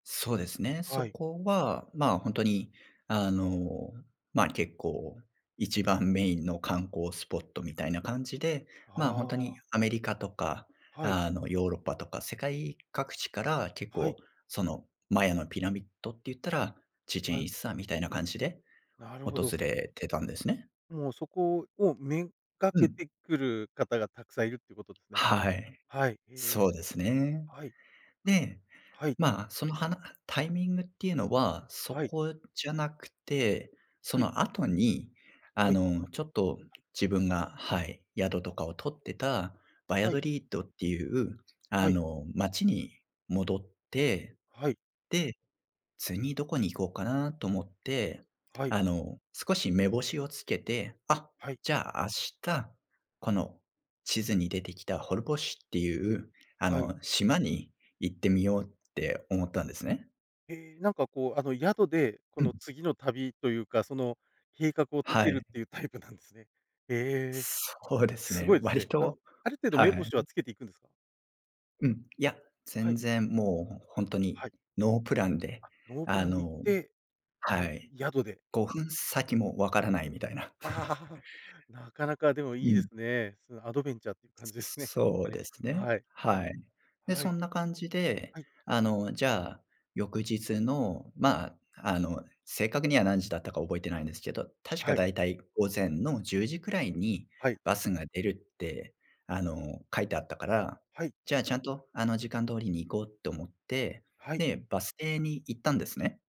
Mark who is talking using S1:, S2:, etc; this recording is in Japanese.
S1: そうですね、そ
S2: はい。
S1: こは、ま、ほんとに、あの、ま、結構一番メインの観光スポットみたいな感じで、ま、ほんと
S2: あ
S1: に
S2: あ。
S1: アメリカとか、
S2: はい。
S1: あの、ヨーロッパとか世界各地から結
S2: は
S1: 構、
S2: い。
S1: その、マヤのピラミッドって言ったら、チチェン・
S2: は
S1: イ
S2: い。
S1: ッツァみたいな感じで
S2: なるほ
S1: 訪
S2: ど。
S1: れてたんですね。
S2: もうそこを目掛
S1: う
S2: け
S1: ん。
S2: てくる方がたくさんいるっていうことですね。
S1: はい、
S2: はい。え。
S1: そうですね。
S2: はい。
S1: で、
S2: はい。
S1: ま、そのはなタイミングっていうのはそ
S2: はい。
S1: こじゃなくて、そ
S2: はい。
S1: の後に、あ
S2: はい。
S1: の、そのち
S2: [unintelligible]
S1: ょっと
S2: はい。
S1: 自分が、はい、宿とかを取ってたバリャ
S2: はい。
S1: ドリッドっていう、あ
S2: はい。
S1: の、町に戻って。
S2: はい。
S1: で、次どこに行こうかなと思って、
S2: はい。
S1: あの、少し目星をつけて、あ、
S2: はい。
S1: じゃあ、明日、この地図に出てきたホルボッシュっていう、あ
S2: はい。
S1: の、島に行ってみようって思ったんですね。
S2: え、なんか、こう、あの、宿で、こ
S1: う
S2: の
S1: ん。
S2: 次の旅というか、その、計画を立
S1: は
S2: てるっ
S1: い。
S2: ていうタイプなんですね。へえ、
S1: そうです
S2: す
S1: ね。
S2: ごいです
S1: 割
S2: ね。あの、
S1: と
S2: ある程度
S1: は
S2: 目星は
S1: い。
S2: つけていくんですか？
S1: うん、いや、
S2: は
S1: 全
S2: い。
S1: 然もうほん
S2: あ、
S1: とに
S2: はい。
S1: ノープランで、
S2: あ、ノープ
S1: あ
S2: ランで行っ
S1: の
S2: て、は
S1: は
S2: い、
S1: い、
S2: 宿で。
S1: 5分先も分からないみたいな。
S2: なかなかで もい
S1: う
S2: いで
S1: ん。
S2: すね。そのアドベンチャーっていう感じですね。ほん
S1: そ
S2: と
S1: う
S2: に。
S1: ですね。
S2: はい。
S1: はい。で、
S2: は
S1: そ
S2: い。
S1: んな感じで、
S2: はい。
S1: あの、じゃあ、翌日のま、あの、正確には何時だったか覚えてないんですけど、確か
S2: はい。
S1: だいたい午前の10時くらいに
S2: はい。
S1: バスが出るって、あの、書いてあったから、
S2: はい。
S1: じゃあ、ちゃんと、あの、時間通りに行こうと思って、
S2: はい。
S1: で、バス停に行ったんですね。